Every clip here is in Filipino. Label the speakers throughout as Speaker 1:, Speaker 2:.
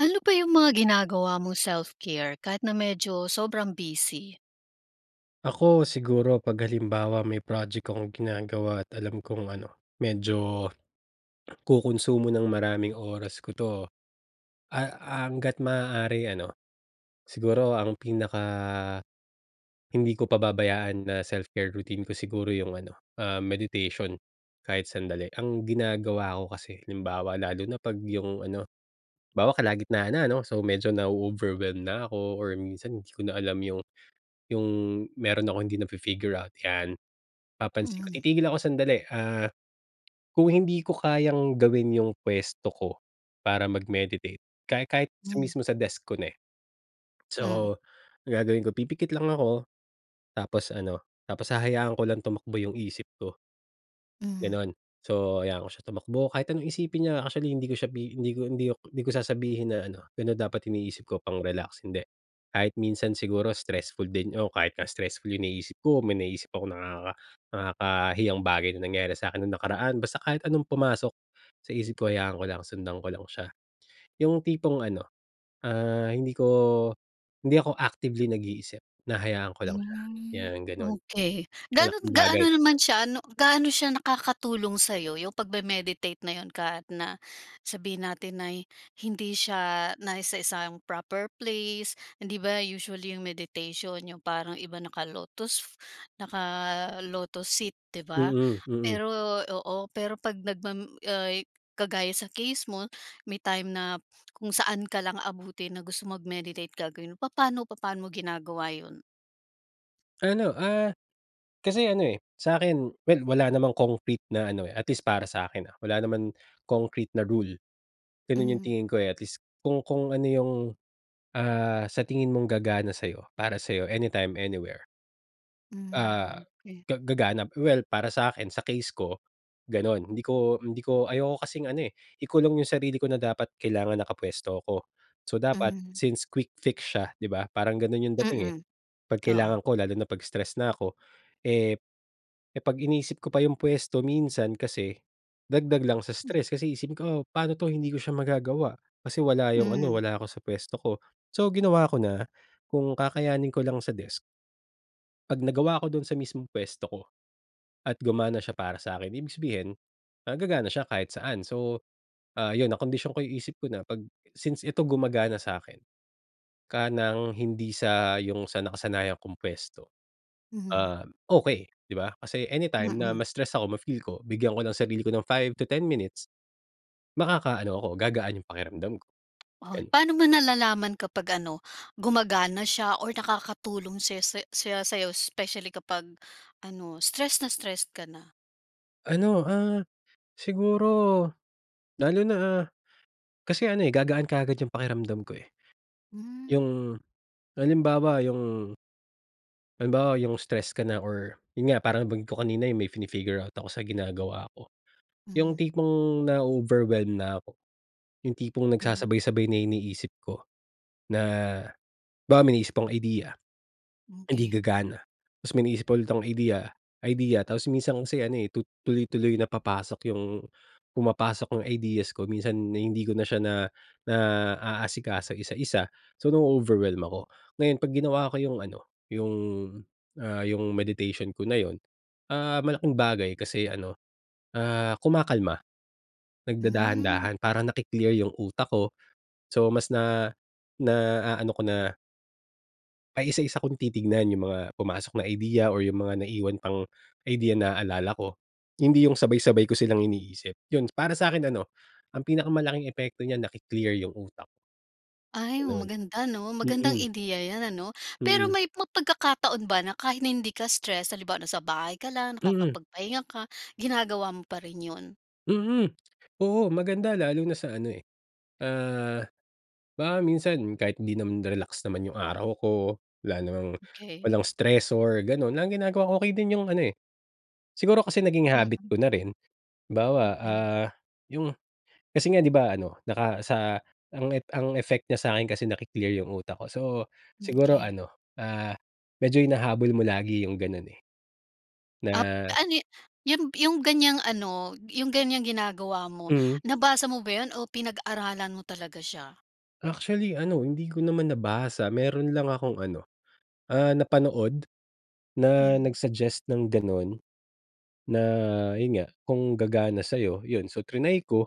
Speaker 1: Ano pa yung mga ginagawa mong self care, kahit na medyo sobrang busy?
Speaker 2: Ako siguro 'pag halimbawa may project akong ginagawa at alam kong ano medyo, kukunsumo ng maraming oras ko 'to, ah, hangga't maaari ano, siguro ang pinaka, hindi ko pababayaan na self care routine ko, siguro yung ano, ah, meditation kahit sandali. Ang ginagawa ko kasi, halimbawa lalo na 'pag yung ano, halimbawa kalagitnaan na, ano? So medyo na-o-overwhelm na ako or minsan hindi ko na alam yung yung, meron akong hindi na-fi-figure out 'yan. Papansin ko,
Speaker 1: Mm.
Speaker 2: titigil ako sandali, ah, kung hindi ko kayang gawin yung puwesto ko para mag-meditate, kahit kahit
Speaker 1: Mm.
Speaker 2: mismo sa desk ko na eh.
Speaker 1: Mm.
Speaker 2: So, gagawin ko pipikit lang ako, tapos ano, tapos hahayaan ko lang tumakbo yung isip ko,
Speaker 1: Mm.
Speaker 2: gano'n. So hayaan ko siya tumakbo, kahit anong isipin niya actually, hindi ko siya hindi ko hindi ko hindi ko sasabihin na ano, "Gano'n dapat iniisip ko pang-relax." Hindi, kahit minsan siguro stressful din, o kahit nga stressful yung iniisip ko, may naiisip ako nakaka nakakahiyang bagay na nangyari sa'kin nung nakaraan, basta kahit anong pumasok sa isip ko hayaan ko lang sundan ko lang siya. 'Yong tipong ano, ah, hindi ko hindi ako actively nag-iisip, hinahayaan ko lang siya,
Speaker 1: Mm,
Speaker 2: 'yan gano'n.
Speaker 1: okey. Gaano
Speaker 2: Malaking bagay.
Speaker 1: gaano naman siya ano, gaano siya nakakatulong sayo, yung pag me-meditate na 'yon, kahit na, sabihin natin na hindi siya nasa isang proper place. Hindi ba usually 'yong meditation yong parang iba naka-lotus, naka-lotus sit, 'di ba?
Speaker 2: Mm, mm.
Speaker 1: Pero oo, pero 'pag nagma ay, kagaya sa case mo may time na kung saan ka lang abutin na gusto mag-meditate gagawin mo, papaano papaano mo ginagawa 'yon?
Speaker 2: Ano ah, kasi ano eh, sa akin, well, wala namang concrete na ano eh, at least para sa akin ah, wala naman concrete na rule. Ganun yung
Speaker 1: Hmm.
Speaker 2: tingin ko eh. At least kung kung ano yung, ah, sa tingin mong gagana sa'yo, para sa'yo, anytime, anywhere. Ah,
Speaker 1: Hmm, okey.
Speaker 2: ga gagana, well, para sa akin, sa case ko, ganun. Hindi ko hindi ko ayoko kasing ano eh, ikulong yung sarili ko na dapat kailangan nakapuwesto ako. So, dapat
Speaker 1: Hmm.
Speaker 2: since quick fix siya, di ba, parang ganun yung dating eh.
Speaker 1: Mm.
Speaker 2: 'Pag
Speaker 1: Oo.
Speaker 2: kailangan ko lalo na pag stress na ako, eh, eh 'pag inisip ko pa yung puwesto minsan kasi, dagdag lang sa
Speaker 1: Hmm.
Speaker 2: stress kasi iisipin ko, "Oh, paano 'to, hindi ko siya magagawa, kasi wala yung ano,
Speaker 1: Hmm.
Speaker 2: wala ako sa puwesto ko." So, ginawa ko na, kung kakayanin ko lang sa desk, 'pag nagawa ko dun sa mismong puwesto ko at gumana siya para sa akin, ibig sabihin, ah, gagana siya kahit saan. So, ah, yun nakondisyon ko yung isip ko na 'pag since ito gumagana sa akin ka ng hindi sa yung sa nakasanayan kong puwesto,
Speaker 1: Mhm.
Speaker 2: ah, okey, 'di ba? Kasi anytime na
Speaker 1: Mm.
Speaker 2: ma-stress ako, ma-feel ko, bigyan ko ng sarili ko ng 5-10 minutes, makakaano ako, gagaan yung pakiramdam ko,
Speaker 1: Ah,
Speaker 2: ganun.
Speaker 1: paano mo nalalaman kapag ano, gumagana siya or nakakatulong siya siya siya sa'yo especially kapag ano, stress na stress ka na?
Speaker 2: Ano, ah, siguro lalo na, ah, kasi ano eh, gagaan kaagad yung pakiramdam ko eh,
Speaker 1: Hmm.
Speaker 2: yung halimbawa yung Halimbawa yung stress ka na or yun nga parang nabangggit ko kanina yung may fini-figure out ako sa ginagawa ko. Yung
Speaker 1: Hmm.
Speaker 2: tipong nao-overwhelm na ako, yung tipong
Speaker 1: Hmm.
Speaker 2: nagsasabay-sabay na iniisip ko na halimbawa may naisip akong idea, hindi
Speaker 1: Okey.
Speaker 2: gagana. Tapos may maiisip pa ulit akong idea idea. Tapos minsan kasi, ano eh, tu tuloy-tuloy na papasok yung pumapasok yung ideas ko minsan hindi ko na siya na naaasikaso, isa-isa. So, nao-overwhelm ako. Ngayon 'pag ginawa ko yung ano, yung, ah, yung meditation ko na yun, ah, malaking bagay kasi ano, ah, kumakalma.
Speaker 1: Hmm.
Speaker 2: Nagdadahan-dahan para naki-clear yung utak ko. So, mas na naaano ko na. Ay, isa-isa kung titignan yung mga pumasok na idea or yung mga naiwan pang idea naaalala ko. Hindi yung sabay-sabay ko silang iniisip, yun. Para sa'kin ano ang pinakamalaking epekto niya naki-clear yung utak.
Speaker 1: Ay,
Speaker 2: Ganon.
Speaker 1: maganda, 'no? Magandang
Speaker 2: Mm.
Speaker 1: ideya yan, ano? Pero
Speaker 2: Mm.
Speaker 1: may ma pagkakataon ba na kahit na hindi ka stress, halimbawa na sa bahay ka lang,
Speaker 2: Mm.
Speaker 1: nakakapagpahinga ka ginagawa mo pa rin yun?
Speaker 2: Mhm. Oo maganda,
Speaker 1: Hmm.
Speaker 2: lalo na sa ano, eh, ah baka minsan kahit 'di naman, relax naman yung araw ko, wala namang
Speaker 1: Okey.
Speaker 2: walang stressor, gano'n. Ang ginagawa ko okey din yung ano, eh, siguro kasi naging habit
Speaker 1: Mm.
Speaker 2: ko na rin, halimbawa,
Speaker 1: Mm.
Speaker 2: ah, yung kasi nga 'di ba ano, naka sa ang ep ang effect niya sa'kin kasi naki-clear yung utak ko. So
Speaker 1: Hmm,
Speaker 2: siguro
Speaker 1: key.
Speaker 2: ano, ah, medyo hinahabol mo lagi yung gano'n, eh.
Speaker 1: Ap
Speaker 2: Na
Speaker 1: anyi yun yung ganyang ano, yung ganyang ginagawa mo,
Speaker 2: Hmm.
Speaker 1: nabasa mo ba yun o pinag-aralan mo talaga siya?
Speaker 2: Actually ano, hindi ko naman nabasa, meron lang akong ano, ah, napanood, na
Speaker 1: Hmm.
Speaker 2: nag-suggest ng gano'n. Na
Speaker 1: Hmm.
Speaker 2: yun nga, kung gagana sa'yo, yun so tinry ko.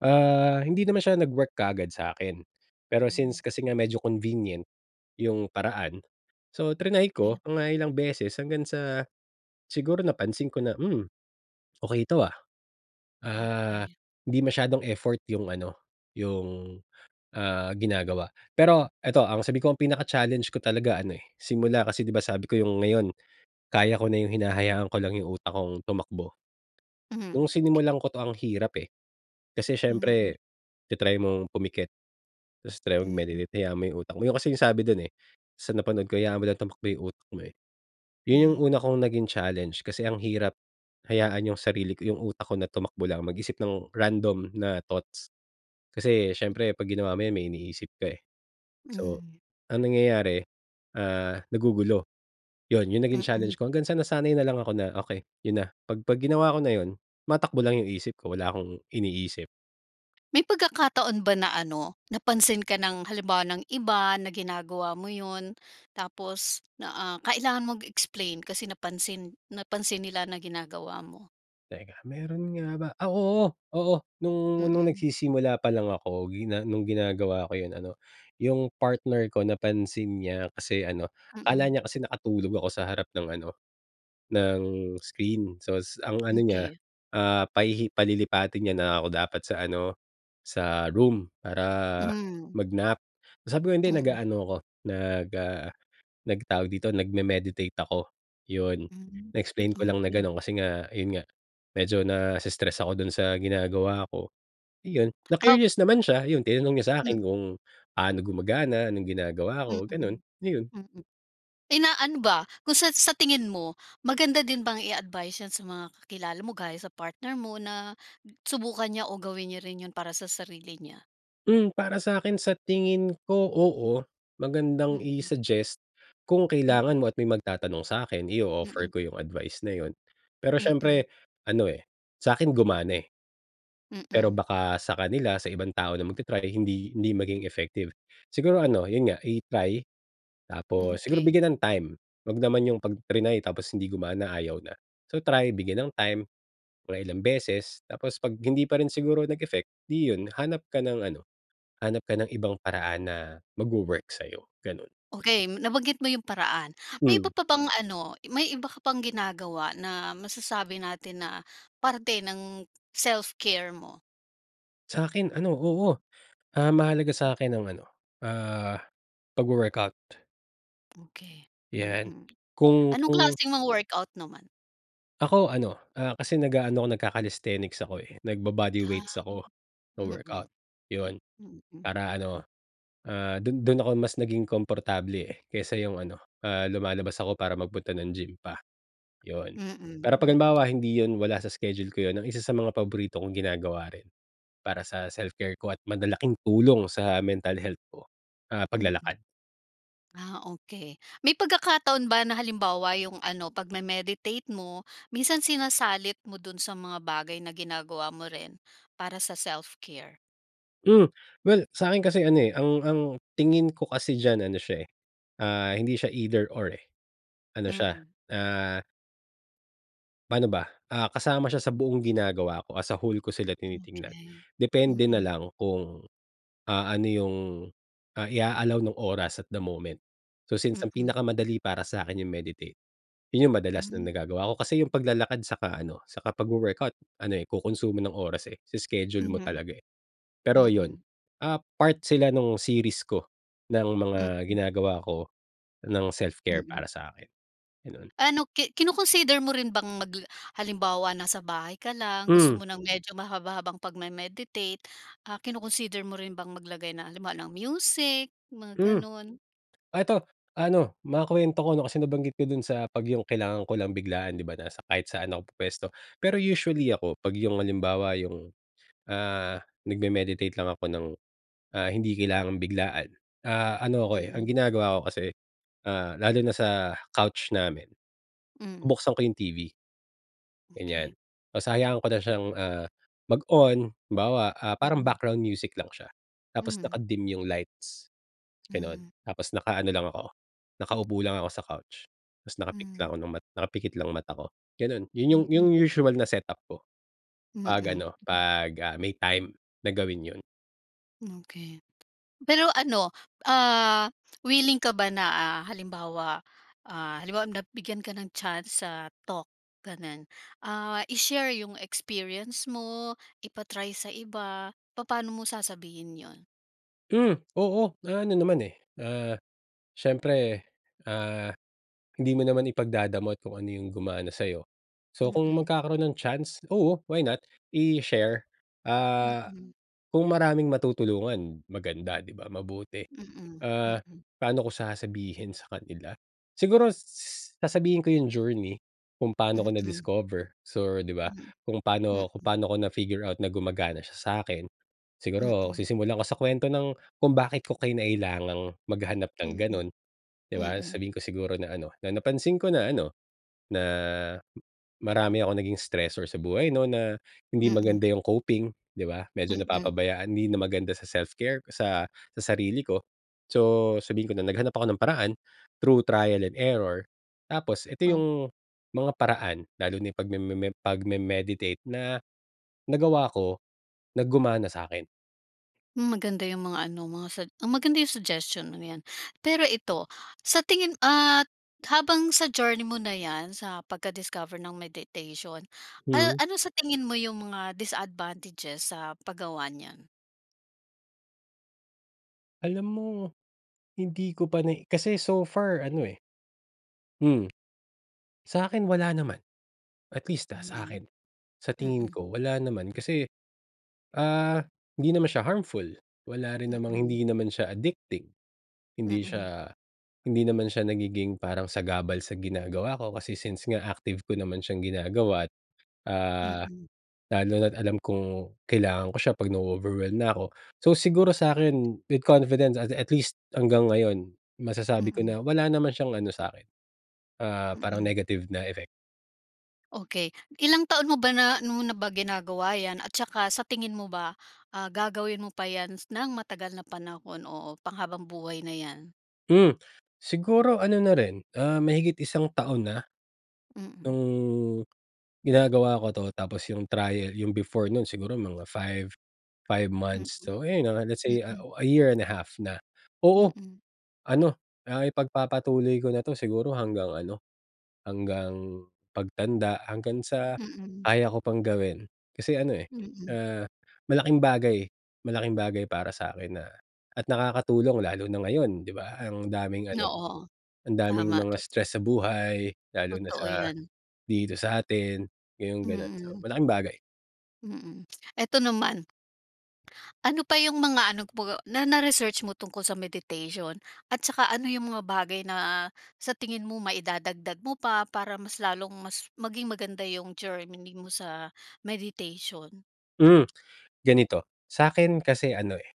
Speaker 2: Ah, hindi naman siya nag-work kaagad sa akin. Pero
Speaker 1: Hmm.
Speaker 2: since kasi nga medyo convenient, yung paraan, so,
Speaker 1: Hmm,
Speaker 2: tinry
Speaker 1: key.
Speaker 2: ko mga ilang beses hanggang sa, siguro napansin ko na, "Hmm, okey to, ah." Ah,
Speaker 1: Okey.
Speaker 2: hindi masyadong effort yung ano, yung, ah, ginagawa. Pero ito, ang sabi ko ang pinaka-challenge ko talaga ano eh, simula kasi di ba sabi ko yung ngayon. Kaya ko na yung hinahayaan ko lang yung utak kong tumakbo.
Speaker 1: Hmm,
Speaker 2: Nung
Speaker 1: key.
Speaker 2: sinimulan ko 'to ang hirap eh, kasi
Speaker 1: Mm.
Speaker 2: siyempre ta-try mong pumikit, tapos try
Speaker 1: Mhm.
Speaker 2: mag-meditate hayaan mo 'yong utak mo, 'yon kasi yung sabi dun eh, sa napanood ko, hayaan mo lang tumakbo 'yong utak mo, eh. Yun yung
Speaker 1: Hmm.
Speaker 2: una kong naging challenge, kasi ang hirap hayaan yung sarili ko, yung utak ko na tumakbo lang, mag-isip ng random na thoughts. Kasi
Speaker 1: Hmm.
Speaker 2: siyempre 'pag ginawa mo yun may iniisip ka, eh. So,
Speaker 1: Mhm.
Speaker 2: ang nangyayari, ah, nagugulo, 'yon 'yong naging challenge
Speaker 1: Mm.
Speaker 2: ko, hanggang sa nasanay na lang ako na, okey 'yon na, 'pag pag ginawa ko na 'yon, tumatakbo lang 'yong isip ko, wala akong iniisip.
Speaker 1: May pagkakataon ba na ano, napansin ka ng, halimbawa ng iba, na ginagawa mo yun, tapos na, ah, kailangan mong mag-explain kasi napansin napansin nila na ginagawa mo?
Speaker 2: Teka, meron nga ba? Ah, oo, oo nung nung
Speaker 1: Mm.
Speaker 2: nagsisimula pa lang ako gina nung ginagawa ko yun ano, yung partner ko napansin niya, kasi ano, akala
Speaker 1: Mm.
Speaker 2: niya kasi nakatulog ako sa harap ng ano, ng screen sos ang ano niya,
Speaker 1: Okey.
Speaker 2: ah, pahihi palilipatin niya na ako dapat sa ano, sa room para
Speaker 1: Hmm.
Speaker 2: mag-nap. Sabi ko, "Hindi
Speaker 1: Mm.
Speaker 2: nag-aano ako nag ah, nag tawag dito? nag-memeditate ako," yun.
Speaker 1: Mm,
Speaker 2: Na-explain ko lang na
Speaker 1: okey.
Speaker 2: ganon kasi nga, yun nga medyo nas-stress ako dun sa ginagawa ko. Iyon.
Speaker 1: Op
Speaker 2: na-curious naman siya, ayun tinanong niya sa akin
Speaker 1: Hmm.
Speaker 2: kung pano gumagana, anong ginagawa
Speaker 1: Mm,
Speaker 2: ko, ganun ayun.
Speaker 1: mm, inaano ba, kung sa sa tingin mo maganda din bang i advice yan sa mga kakilala mo gaya sa partner mo na, subukan niya o gawin niya rin 'yon para sa sarili niya?
Speaker 2: Hmm, para sakin sa tingin ko, oo. Magandang
Speaker 1: Mm.
Speaker 2: i-suggest kung
Speaker 1: Mm.
Speaker 2: kailangan mo at may magtatanong sa akin i-offer
Speaker 1: Mm.
Speaker 2: ko yung advice na yun, pero
Speaker 1: Mm.
Speaker 2: siyempre ano, eh, sakin gumana, eh. Pero
Speaker 1: Mm.
Speaker 2: baka sa kanila sa ibang tao na magta-try hindi, hindi maging effective. Siguro ano, yun nga i-try,
Speaker 1: Hmm,
Speaker 2: tapos siguro
Speaker 1: okey.
Speaker 2: bigyan ng time, huwag naman yung pag triny tapos hindi gumana ayaw na. So, try bigyan ng time, mga ilang beses tapos 'pag hindi pa rin siguro nag-effect, di yun hanap ka ng ano, hanap ka ng ibang paraan na magwo-work sayo, ganun.
Speaker 1: Okey, nabanggit mo yung paraan. May
Speaker 2: Hmm.
Speaker 1: iba pa bang ano, may iba ka pang ginagawa na masasabi natin na parte ng self care mo?
Speaker 2: Sa'kin ano, oo. Ah, mahalaga sa'kin ang ano, ah, pagwo work-out.
Speaker 1: Okey,
Speaker 2: Yan.
Speaker 1: mm.
Speaker 2: Kung
Speaker 1: Anong
Speaker 2: kung
Speaker 1: klaseng mga workout naman?
Speaker 2: Ako ano, ah, kasi nag-aano ako, nagka-calisthenics ako, eh, nagbo-body
Speaker 1: Ah.
Speaker 2: weights ako.
Speaker 1: Mm,
Speaker 2: Wo-workout, 'yon.
Speaker 1: mm.
Speaker 2: Para ano, ah, dun dun ako mas naging komportable, eh, kaysa 'yong ano, ah, lumalabas ako para magpunta ng gym pa, 'yon. Pero
Speaker 1: Mm,
Speaker 2: pag
Speaker 1: mm.
Speaker 2: halimbawa hindi 'yon, wala sa schedule ko 'yon, ang isa sa mga paborito kong ginagawa rin para sa self care ko at malalaking tulong sa mental health ko, ah,
Speaker 1: Mm.
Speaker 2: paglalakad.
Speaker 1: Ah, okey. May pagkakataon ba na, halimbawa yung ano, pagme-meditate mo, minsan sinasalit mo dun sa mga bagay na ginagawa mo rin para sa self care?
Speaker 2: Hmm, well sa'kin kasi ano, eh, ang ang tingin ko kasi diyan ano siya, eh, ah, hindi siya either or, eh, ano siya,
Speaker 1: Mm.
Speaker 2: ah. Pa'no ba? Ah, kasama siya sa buong ginagawa ko. As a whole ko sila tinitignan.
Speaker 1: Okey,
Speaker 2: Depende na
Speaker 1: mm.
Speaker 2: lang kung, ah, ano yung, ah, i-a-allow nung oras at the moment. So, since ang
Speaker 1: Mm.
Speaker 2: pinakamadali para sa'kin yung meditate, 'yon yung madalas na
Speaker 1: Hmm.
Speaker 2: nagagawa ko. Kasi yung paglalakad saka ano, saka pag-wo workout ano, eh, ko-konsumo ng oras, eh. I-iskedyul mo
Speaker 1: Mhm,
Speaker 2: talaga, eh. Pero 'yon,
Speaker 1: mm.
Speaker 2: ah, part sila nung series ko, ng mga
Speaker 1: Mm.
Speaker 2: ginagawa ko ng self-care
Speaker 1: Mm.
Speaker 2: para sa akin, gano'n.
Speaker 1: Ano, ki kino-consider mo rin bang mag halimbawa nasa bahay ka lang,
Speaker 2: Hmm.
Speaker 1: gusto mo ng medyo mahaba-habang pagme-meditate, ah, kino-consider mo rin bang maglagay ng halimbawa ng music, mga
Speaker 2: Hmm.
Speaker 1: gano'n?
Speaker 2: Ah, ito, ano makuwento ko 'no, kasi nabanggit ko dun sa 'pag yung kailangan ko lang biglaan di ba, na sa kahit saan ako pupuwesto. Pero usually ako, 'pag yung halimbawa yung, ah, nagme-meditate lang ako ng, ah, hindi kailangang biglaan, ah, ano ako, eh, ang
Speaker 1: Mm.
Speaker 2: ginagawa ko kasi, ah, lalo na sa couch namin.
Speaker 1: Hmm.
Speaker 2: Buksan ko yung TV. Ganiyan.
Speaker 1: Okey.
Speaker 2: Tas hahayaan ko na siyang, ah, mag-on halimbawa, ah, parang
Speaker 1: Mm.
Speaker 2: background music lang siya. Tapos
Speaker 1: Hmm.
Speaker 2: naka-dim yung lights gano'n,
Speaker 1: Mhm.
Speaker 2: tapos nakaano lang ako, nakaupo lang ako sa couch tas nakapikit lang
Speaker 1: Mhm.
Speaker 2: ako ng nakapikit lang mata ko, ganun. Yun yung yung
Speaker 1: Mm.
Speaker 2: usual na setup ko 'pag
Speaker 1: Mm.
Speaker 2: ano, 'pag, ah, may time na gawin yun.
Speaker 1: Okey, pero ano, ah, willing ka ba na, ah, halimbawa, ah, halimbawa na bigyan ka ng chance sa talk ganun, ah, i-share yung experience mo, ipa-try sa iba, papaano mo sasabihin 'yon?
Speaker 2: Hmm, oo, ah, ano naman, eh, ah, siyempre, ah, hindi mo naman ipagdadamot kung ano yung gumana sa'yo. So kung
Speaker 1: Mm.
Speaker 2: magkakaroon ng chance, oo, why not i-share, ah,
Speaker 1: Mm.
Speaker 2: kung maraming matutulungan, maganda di ba, mabuti.
Speaker 1: Mm,
Speaker 2: Ah,
Speaker 1: mm.
Speaker 2: paano ko sasabihin sa kanila? Siguro s sasabihin ko yung journey kung paano ko
Speaker 1: Mm.
Speaker 2: na-discover so di ba,
Speaker 1: Mm,
Speaker 2: kung paano kung
Speaker 1: mm.
Speaker 2: paano ko na figure out na gumagana siya sa'kin. Siguro,
Speaker 1: Mm.
Speaker 2: sisimulan ko sa kwento ng kung bakit ko kinailangang maghanap ng
Speaker 1: Mm,
Speaker 2: ganun, di ba?
Speaker 1: mm.
Speaker 2: Sasabihin ko siguro na ano na napansin ko na ano, na marami akong naging stressor sa buhay 'no na hindi
Speaker 1: Mm.
Speaker 2: maganda yung coping di ba, medyo
Speaker 1: Mm.
Speaker 2: napapabayaan hindi na maganda sa self-care sa sa sarili ko. So, sabihin ko na naghanap ako ng paraan through trial and error tapos ito
Speaker 1: Oh.
Speaker 2: yung mga paraan lalo na yung pagmemem pagme-meditate na nagawa ko, na gumana sa'kin.
Speaker 1: Hmm, maganda yung mga ano mo, mga sug ah, maganda yung suggestion mong 'yan. Pero ito sa tingin ah, habang sa journey mo na 'yan sa pagka-discoverng meditation,
Speaker 2: Hmm.
Speaker 1: ah, ano sa tingin mo yung mga disadvantages sa paggawa niyan?
Speaker 2: Alam mo hindi ko pa na kasi so far ano, eh Hmm, Sakin wala naman. At least, ah,
Speaker 1: Mhm,
Speaker 2: sa'kin. Sa tingin
Speaker 1: mm.
Speaker 2: ko wala naman kasi, ah, hindi naman siya harmful, wala rin namang
Speaker 1: Mm.
Speaker 2: hindi naman siya addicting, hindi
Speaker 1: Mm.
Speaker 2: siya hindi naman siya nagiging parang sagabal sa ginagawa ko kasi since nga active ko naman siyang ginagawa't, ah,
Speaker 1: Mm.
Speaker 2: lalo na't alam kong kailangan ko siya pag nao-overwhelm na ako. So, siguro sa'kin with confidence, ah, at least hanggang ngayon masasabi ko
Speaker 1: Mm.
Speaker 2: na wala naman siyang ano sa'kin, ah, parang
Speaker 1: Mm.
Speaker 2: negative na effect.
Speaker 1: Okey, ilang taon mo ba na 'no, na ginagawa 'yan at saka sa tingin mo ba, ah, gagawin mo pa 'yan ng matagal na panahon o panghabang buhay na 'yan?
Speaker 2: Hmm, siguro ano na rin, ah, mahigit isang taon na.
Speaker 1: Mm.
Speaker 2: No'ng ginagawa ko 'to, tapos yung trial yung before no'n siguro mga 5, 5
Speaker 1: Mm.
Speaker 2: months so ayon, ah, let's say
Speaker 1: Mm.
Speaker 2: a year and a half na. Oo
Speaker 1: Mm.
Speaker 2: ano, ah, ipagpapatuloy ko na 'to siguro hanggang ano hanggang pagtanda, hanggang sa
Speaker 1: Mm.
Speaker 2: kaya ko pang gawin. Kasi ano, eh,
Speaker 1: Mm.
Speaker 2: ah, malaking bagay malaking bagay para sa'kin na at nakakatulong lalo na ngayon, 'di ba? Ang daming
Speaker 1: No
Speaker 2: ano
Speaker 1: oo
Speaker 2: ang daming
Speaker 1: tama.
Speaker 2: mga stress sa buhay, lalo na
Speaker 1: Totoo,
Speaker 2: sa
Speaker 1: 'yan.
Speaker 2: dito sa atin, ah, yung ganun so
Speaker 1: Mm.
Speaker 2: malaking bagay.
Speaker 1: Mm, eto naman. Ano pa yung mga ano po na na-research mo tungkol sa meditation, at tsaka ano yung mga bagay na sa tingin mo maidadagdag mo pa, para mas lalong mas maging maganda yung journey mo sa meditation?
Speaker 2: Hmm, ganito sa akin kasi ano, eh,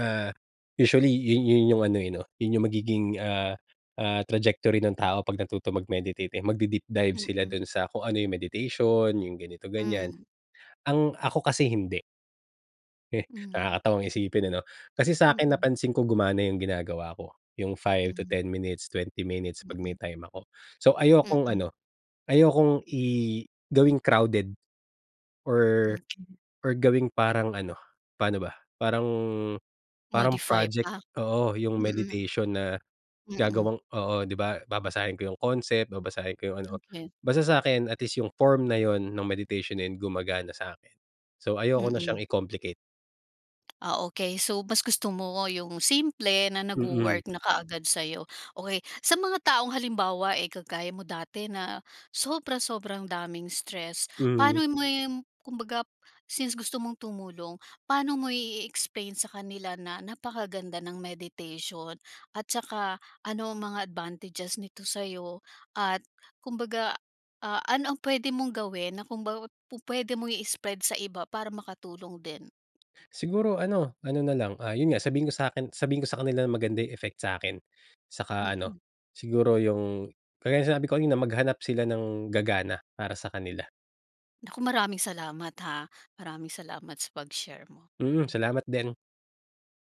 Speaker 2: ah, usually yun yun yung ano, yun, eh, 'no yung magiging, ah, ah trajectory ng tao pag natuto mag-meditate eh, mag-de-deep dive sila
Speaker 1: Mm.
Speaker 2: dun sa kung ano, yung meditation, yung ganito ganyan.
Speaker 1: Hmm.
Speaker 2: Ang ako kasi hindi. Eh,
Speaker 1: Mhm.
Speaker 2: nakakatawang isipin, ano? Kasi sa’kin
Speaker 1: Mm.
Speaker 2: napansin ko gumana ’yong ginagawa ko, ’yong 5 to
Speaker 1: Hmm.
Speaker 2: 10 minutes, 20 minutes 'pag may
Speaker 1: Mm.
Speaker 2: time ako. So ayokong
Speaker 1: Mm.
Speaker 2: ano, ayokong i gawing crowded or
Speaker 1: Mm.
Speaker 2: or gawing parang ano, paano ba? Parang, parang
Speaker 1: Modify
Speaker 2: project,
Speaker 1: pa.
Speaker 2: oo, ’yong
Speaker 1: Mm.
Speaker 2: meditation na
Speaker 1: Mm.
Speaker 2: gagawang oo, ’di ba. Babasahin ko ’yong concept, babasahin ko ’yong ano.
Speaker 1: Okey.
Speaker 2: Basta sa’kin at least ’yong form na ’yon no’ng meditation na 'yon, gumagana sa’kin. So ayoko na siyang
Speaker 1: Mm.
Speaker 2: i-complicate.
Speaker 1: Ah, okay. So mas gusto mo ’yong simple na
Speaker 2: Mm.
Speaker 1: nagwo-work na kaagad sa'yo. Okey, sa mga taong halimbawa eh, kagaya mo dati na sobra-sobrang daming stress.
Speaker 2: Mhm.
Speaker 1: Paano mo yun, kumbaga since gusto mong tumulong, paano mo ie-explain sa kanila na napakaganda ng meditation At tsaka, ano ang mga advantages nito sa'yo? At kumbaga, ah, ano ang puwede mong gawin na kumbaga, pupuwede mong i-spread sa iba para makatulong din?
Speaker 2: Siguro ano, ano na lang. Ah ’yon nga, sabihin niyo sa’kin sabihin ko sa kanila na maganda 'yong effect sa’kin. Saka ano,
Speaker 1: Mm.
Speaker 2: siguro ’yong kagaya no'ng sinabi ko kanina, maghanap sila ng gagana para sa kanila.
Speaker 1: Naku, maraming salamat ha. Maraming salamat sa pag-share mo.
Speaker 2: Mm, salamat din.